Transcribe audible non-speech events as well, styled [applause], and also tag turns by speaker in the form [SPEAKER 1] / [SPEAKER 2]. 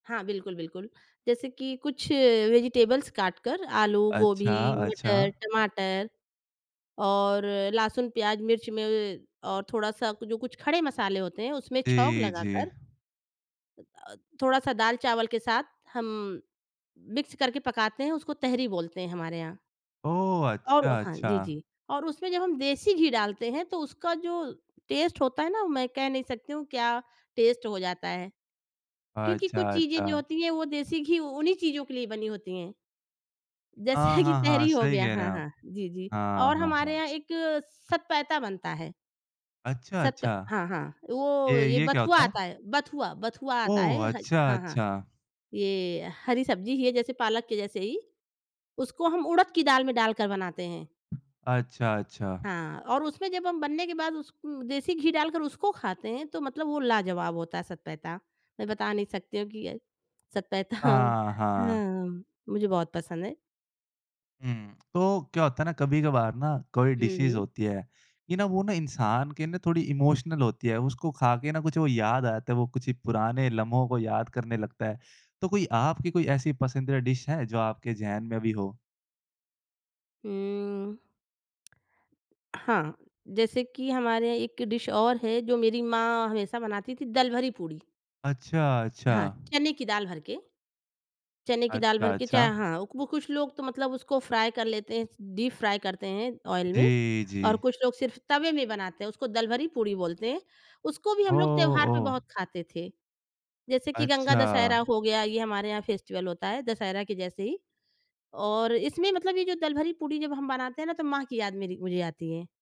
[SPEAKER 1] हाँ। बिल्कुल, बिल्कुल जैसे कि कुछ वेजिटेबल्स काटकर आलू, गोभी,
[SPEAKER 2] अच्छा, अच्छा।
[SPEAKER 1] मटर, टमाटर और लहसुन, प्याज़, मिर्च में और थोड़ा-सा कु जो कुछ खड़े मसाले होते हैं उसमें छौंक
[SPEAKER 2] जी, जी।
[SPEAKER 1] लगाकर अ, थोड़ा-सा दाल-चावल के साथ हम मिक्स करके पकाते हैं, उसको तहरी बोलते हैं हमारे यहाँ।
[SPEAKER 2] ओह! अच्छा,
[SPEAKER 1] और हाँ। जी,
[SPEAKER 2] अच्छा।
[SPEAKER 1] जी। और उसमें जब हम देसी घी डालते हैं तो उसका जो टेस्ट होता है ना मैं कह नहीं सकती हूँ, क्या टेस्ट हो जाता है। क्योंकि
[SPEAKER 2] अच्छा,
[SPEAKER 1] कुछ चीज़ें जो
[SPEAKER 2] अच्छा।
[SPEAKER 1] होती है, वो देसी घी उन्हीं चीज़ों के लिए बनी होती हैं।
[SPEAKER 2] हाँ,
[SPEAKER 1] जैसे कि
[SPEAKER 2] हाँ, हाँ।
[SPEAKER 1] तहरी हो
[SPEAKER 2] सही
[SPEAKER 1] गया
[SPEAKER 2] कह रहे
[SPEAKER 1] हाँ,
[SPEAKER 2] हैं आप।
[SPEAKER 1] हाँ। जी, जी।
[SPEAKER 2] हाँ,
[SPEAKER 1] और
[SPEAKER 2] हाँ,
[SPEAKER 1] हमारे
[SPEAKER 2] हाँ।
[SPEAKER 1] यहाँ एक सतपैता बनता है।
[SPEAKER 2] अच्छा,
[SPEAKER 1] सत
[SPEAKER 2] अच्छा।
[SPEAKER 1] हाँ, हाँ। वो
[SPEAKER 2] ये
[SPEAKER 1] ये
[SPEAKER 2] ये क्या
[SPEAKER 1] बथुआ
[SPEAKER 2] होता
[SPEAKER 1] आता
[SPEAKER 2] है?
[SPEAKER 1] है बथुआ बथुआ आता है,
[SPEAKER 2] ओह!
[SPEAKER 1] ह
[SPEAKER 2] अच्छा,
[SPEAKER 1] हाँ, हाँ।
[SPEAKER 2] अच्छा।
[SPEAKER 1] ये हरी सब्ज़ी ही है जैसे पालक के जैसे ही, उसको हम उड़द की दाल में डालकर बनाते हैं।
[SPEAKER 2] अच्छा, अच्छा।
[SPEAKER 1] हाँ और उसमें जब हम बनने के बाद उस उम देसी घी डालकर उसको खाते हैं, तो मतलब वो लाजवाब होता है सतपैता। मैं बता नहीं सकती हूँ कि सतपैता [chuckles]
[SPEAKER 2] हाँ, हाँ।
[SPEAKER 1] हाँ, मुझे बहुत पसंद है।
[SPEAKER 2] हुँ। तो क्या होता है ना कभी-कभार ना कोई
[SPEAKER 1] हुँ,
[SPEAKER 2] डिशेज़
[SPEAKER 1] हुँ।
[SPEAKER 2] होती है कि न वो ना इंसान के ना थोड़ी इमोशनल होती है उसको खा के ना कुछ वो याद आ जाता है, वो कुछ पुराने लम्हों को याद करने लगता है। तो कोई आपकी कोई ऐसी पसंदीदा डिश है, जो आपके ज़हन में अभी हो?
[SPEAKER 1] हुँ। हाँ, जैसे कि हमारे यहाँ एक डिश और है जो मेरी माँ हमेशा बनाती थी दलभरी पूड़ी।
[SPEAKER 2] अच्छा, अच्छा।
[SPEAKER 1] हाँ, चने की दाल भर के चने की दाल भर
[SPEAKER 2] अच्छा,
[SPEAKER 1] के चाहे
[SPEAKER 2] अच्छा।
[SPEAKER 1] हाँ। वो कुछ लोग तो मतलब उसको फ्राई कर लेते हैं, डीप फ्राई करते हैं ऑयल में
[SPEAKER 2] जी,
[SPEAKER 1] और
[SPEAKER 2] जी।
[SPEAKER 1] कुछ लोग सिर्फ़ तवे में बनाते हैं उसको दलभरी पूड़ी बोलते हैं। उसको भी
[SPEAKER 2] हो
[SPEAKER 1] हम लोग त्योहार पे
[SPEAKER 2] ओह!
[SPEAKER 1] बहुत खाते थे। जैसे कि गंगा दशहरा
[SPEAKER 2] अच्छा।
[SPEAKER 1] हो गया ये हमारे यहाँ फेस्टिवल होता है, दशहरा के जैसे ही और इसमें मतलब ये जो दलभरी पूड़ी जब हम बनाते हैं ना तो माँ की याद मेरी, मुझे आती है।